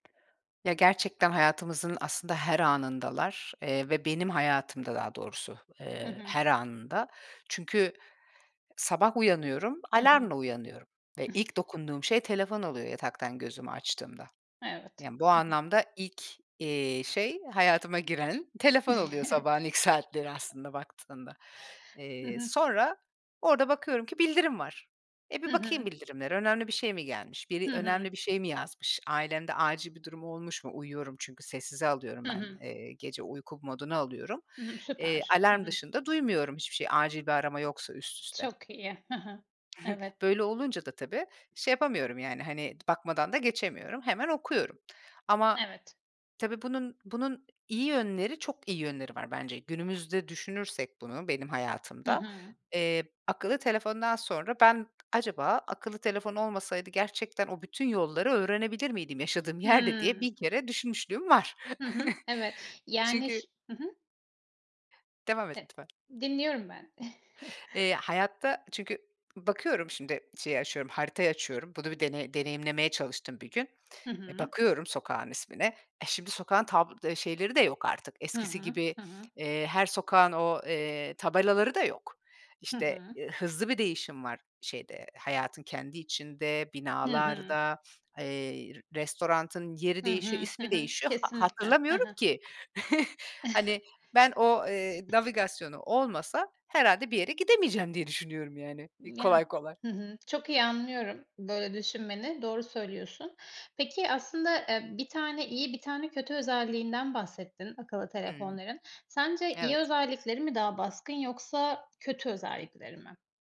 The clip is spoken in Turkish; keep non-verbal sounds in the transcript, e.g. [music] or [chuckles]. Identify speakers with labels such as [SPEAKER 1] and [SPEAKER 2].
[SPEAKER 1] Ya, gerçekten hayatımızın aslında her anındalar, eee, ve benim hayatımda daha doğrusu,
[SPEAKER 2] Hı
[SPEAKER 1] eee,
[SPEAKER 2] hı.
[SPEAKER 1] her anında. Çünkü sabah uyanıyorum,
[SPEAKER 2] Hı hı.
[SPEAKER 1] alarmla uyanıyorum ve ilk dokunduğum şey telefon oluyor yataktan gözümü açtığımda.
[SPEAKER 2] Evet.
[SPEAKER 1] Yani, bu
[SPEAKER 2] Hı hı.
[SPEAKER 1] anlamda ilk, eee, şey hayatıma giren telefon oluyor sabahın ilk saatleri
[SPEAKER 2] [chuckles]
[SPEAKER 1] aslında baktığında.
[SPEAKER 2] Hı
[SPEAKER 1] Eee,
[SPEAKER 2] hı.
[SPEAKER 1] sonra orada bakıyorum ki bildirim var. E,
[SPEAKER 2] Hı
[SPEAKER 1] bir bakayım
[SPEAKER 2] hı.
[SPEAKER 1] bildirimlere. Önemli bir şey mi gelmiş? Biri,
[SPEAKER 2] Hı hı.
[SPEAKER 1] önemli bir şey mi yazmış? Ailemde acil bir durum olmuş mu? Uyuyorum çünkü, sessize alıyorum
[SPEAKER 2] Hı
[SPEAKER 1] ben.
[SPEAKER 2] hı.
[SPEAKER 1] Eee, gece uyku moduna alıyorum.
[SPEAKER 2] Hı hı.
[SPEAKER 1] Eee,
[SPEAKER 2] Süper. Hı
[SPEAKER 1] alarm
[SPEAKER 2] hı.
[SPEAKER 1] dışında duymuyorum hiçbir şey acil bir arama yoksa üst üste.
[SPEAKER 2] Çok iyi. He he.
[SPEAKER 1] [chuckles]
[SPEAKER 2] Evet.
[SPEAKER 1] Böyle olunca da tabii, şey yapamıyorum, yani, hani, d bakmadan da geçemiyorum. Hemen okuyorum. Ama,
[SPEAKER 2] Evet.
[SPEAKER 1] tabii, bunun bunun iyi yönleri, çok iyi yönleri var bence. Günümüzde düşünürsek bunu benim
[SPEAKER 2] Hı
[SPEAKER 1] hayatımda,
[SPEAKER 2] hı.
[SPEAKER 1] eee, akıllı telefondan sonra ben acaba akıllı telefon olmasaydı gerçekten o bütün yolları öğrenebilir miydim yaşadığım yerde diye
[SPEAKER 2] Hımm.
[SPEAKER 1] bin kere düşünmüşlüğüm var.
[SPEAKER 2] Hı hı. Evet,
[SPEAKER 1] [chuckles]
[SPEAKER 2] yani
[SPEAKER 1] Çünkü
[SPEAKER 2] ş hı hı.
[SPEAKER 1] Devam et
[SPEAKER 2] E
[SPEAKER 1] lütfen.
[SPEAKER 2] dinliyorum ben. [chuckles]
[SPEAKER 1] Eee, hayatta çünkü bakıyorum şimdi, şeyi açıyorum, haritayı açıyorum. Bunu bir dene deneyimlemeye çalıştım bir gün.
[SPEAKER 2] Hı
[SPEAKER 1] E,
[SPEAKER 2] hı.
[SPEAKER 1] bakıyorum sokağın ismine. E, şimdi sokağın tab eee, şeyleri de yok artık
[SPEAKER 2] Hı
[SPEAKER 1] eskisi
[SPEAKER 2] hı.
[SPEAKER 1] gibi,
[SPEAKER 2] Hı hı.
[SPEAKER 1] eee, her sokağın o, eee, tabelaları da yok.
[SPEAKER 2] Hı
[SPEAKER 1] İşte,
[SPEAKER 2] hı.
[SPEAKER 1] ııı, hızlı bir değişim var şeyde, hayatın kendi içinde,
[SPEAKER 2] Hı hı.
[SPEAKER 1] binalarda, eee, restoranın yeri
[SPEAKER 2] Hı
[SPEAKER 1] değişiyor,
[SPEAKER 2] hı. Hı
[SPEAKER 1] ismi
[SPEAKER 2] hı.
[SPEAKER 1] değişiyor. Ha
[SPEAKER 2] Kesinlikle. Ha
[SPEAKER 1] hatırlamıyorum
[SPEAKER 2] ha.
[SPEAKER 1] ki. [chuckles] Hani, ben o, eee, navigasyonu olmasa herhâlde bir yere gidemeyeceğim diye düşünüyorum, yani, iii,
[SPEAKER 2] Imm, yani.
[SPEAKER 1] kolay kolay.
[SPEAKER 2] Hı hı. Çok iyi anlıyorum böyle düşünmeni, doğru söylüyorsun. Peki, aslında, eee, bir tane iyi, bir tane kötü özelliğinden bahsettin, akıllı
[SPEAKER 1] Hımm.
[SPEAKER 2] telefonların. Sence iyi
[SPEAKER 1] Evet.
[SPEAKER 2] özellikleri mi daha baskın yoksa kötü özellikleri mi?